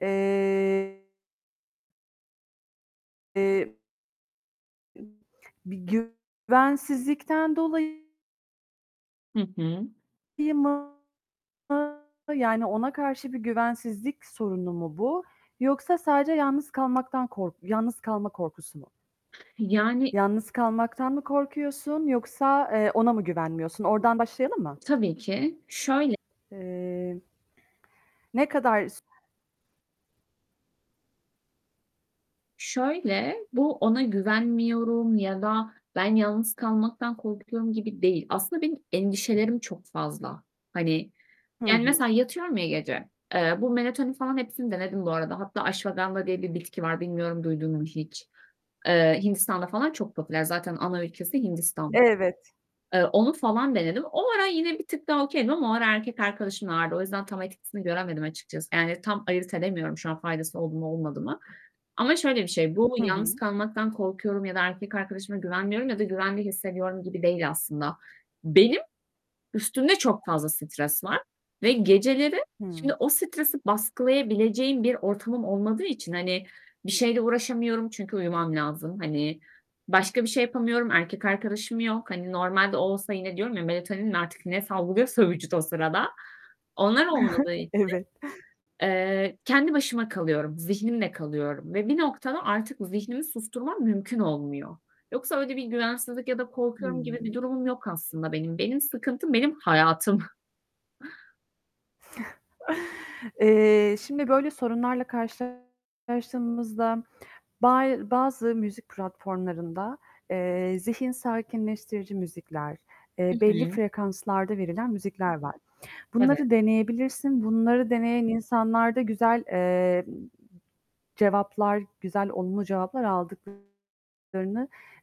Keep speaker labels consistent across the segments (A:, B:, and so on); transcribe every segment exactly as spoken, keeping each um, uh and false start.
A: Eee. Eee. [unintelligible] Bir güvensizlikten dolayı
B: Hı hı.
A: mı? Yani, ona karşı bir güvensizlik sorunu mu bu yoksa sadece yalnız kalmaktan kork yalnız kalma korkusu mu?
B: Yani
A: Yalnız kalmaktan mı korkuyorsun yoksa, eee, ona mı güvenmiyorsun? Oradan başlayalım mı?
B: Tabii ki, şöyle
A: Eee, ne kadar s
B: Şöyle; bu ona güvenmiyorum ya da ben yalnız kalmaktan korkuyorum gibi değil. Aslında benim endişelerim çok fazla. Hani,
A: Hı
B: yani,
A: hı.
B: mesela yatıyorum ya gece. Eee, bu melatonin falan hepsini denedim bu arada. Hatta ashwagandha diye bir bitki var. Bilmiyorum, duydun mu hiç? Eee, Hindistan'da falan çok popüler. Zaten ana ülkesi Hindistan.
A: Evet.
B: Eee, onu falan denedim. O ara yine bir tık daha okay'dim ama o ara erkek arkadaşım vardı. O yüzden tam etkisini göremedim açıkçası. Yani, tam ayırt edemiyorum şu an faydası oldu mu olmadı mı? Ama şöyle bir şey: Bu,
A: Hı hı.
B: yalnız kalmaktan korkuyorum ya da erkek arkadaşıma güvenmiyorum ya da güvende hissediyorum gibi değil aslında. Benim üstümde çok fazla stres var. Ve geceleri
A: Hıı.
B: şimdi o stresi baskılayabileceğim bir ortamım olmadığı için, hani, bir şeyle uğraşamıyorum çünkü uyumam lazım. Hani, başka bir şey yapamıyorum, erkek arkadaşım yok. Hani, normalde o olsa yine diyorum ya; melatonin mi artık ne salgılıyorsa vücut o sırada, onlar olmadığı için,
A: Evet.
B: eee, kendi başıma kalıyorum, zihnimle kalıyorum. Ve bir noktada artık zihnimi susturmam mümkün olmuyor. Yoksa öyle bir güvensizlik ya da korkuyorum gibi bir
A: Hıı.
B: durumum yok aslında benim. Benim sıkıntım; benim hayatım.
A: Eee, şimdi, böyle, sorunlarla karşılaştığımızda bay bazı müzik platformlarında, eee, zihin sakinleştirici müzikler, eee,
B: Hı
A: belli
B: hı.
A: frekanslarda verilen müzikler var.
B: Evet.
A: Bunları deneyebilirsin. Bunları deneyen insanlar da güzel, eee, cevaplar, güzel, olumlu cevaplar aldıklarını,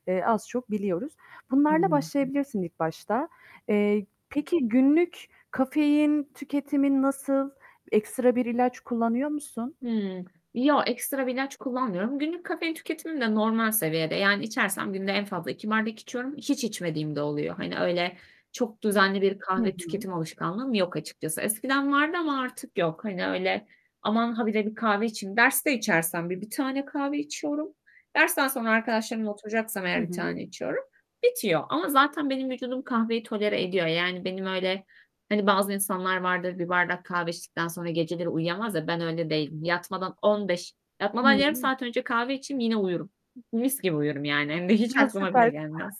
A: eee, az çok biliyoruz. Bunlarla
B: Anladım.
A: başlayabilirsin ilk başta. Eee, peki, günlük kafein tüketimin nasıl? Ekstra bir ilaç kullanıyor musun?
B: Hımm. Yo, ekstra bir ilaç kullanmıyorum. Günlük kafein tüketimim de normal seviyede. Yani, içersem günde en fazla iki bardak içiyorum. Hiç içmediğim de oluyor. Hani, öyle, çok düzenli bir
A: Hı
B: kahve
A: hı.
B: tüketim alışkanlığım yok açıkçası. Eskiden vardı ama artık yok. Hani, öyle, "Aman, ha bire bir kahve içeyim" Derste içersem bir bir tane kahve içiyorum. Dersten sonra arkadaşlarımla oturacaksam
A: Hı
B: eğer bir
A: hı.
B: tane içiyorum. Bitiyor. Ama zaten benim vücudum kahveyi tolere ediyor. Yani, benim öyle, hani, bazı insanlar vardır, bir bardak kahve içtikten sonra geceleri uyuyamaz ya, ben öyle değilim. Yatmadan on beş yatmadan yarım
A: [unintelligible]
B: saat önce kahve içeyim yine uyurum. Mis gibi uyurum yani. Hem de hiç
A: A,
B: aklıma bile
A: süper!
B: gelmez.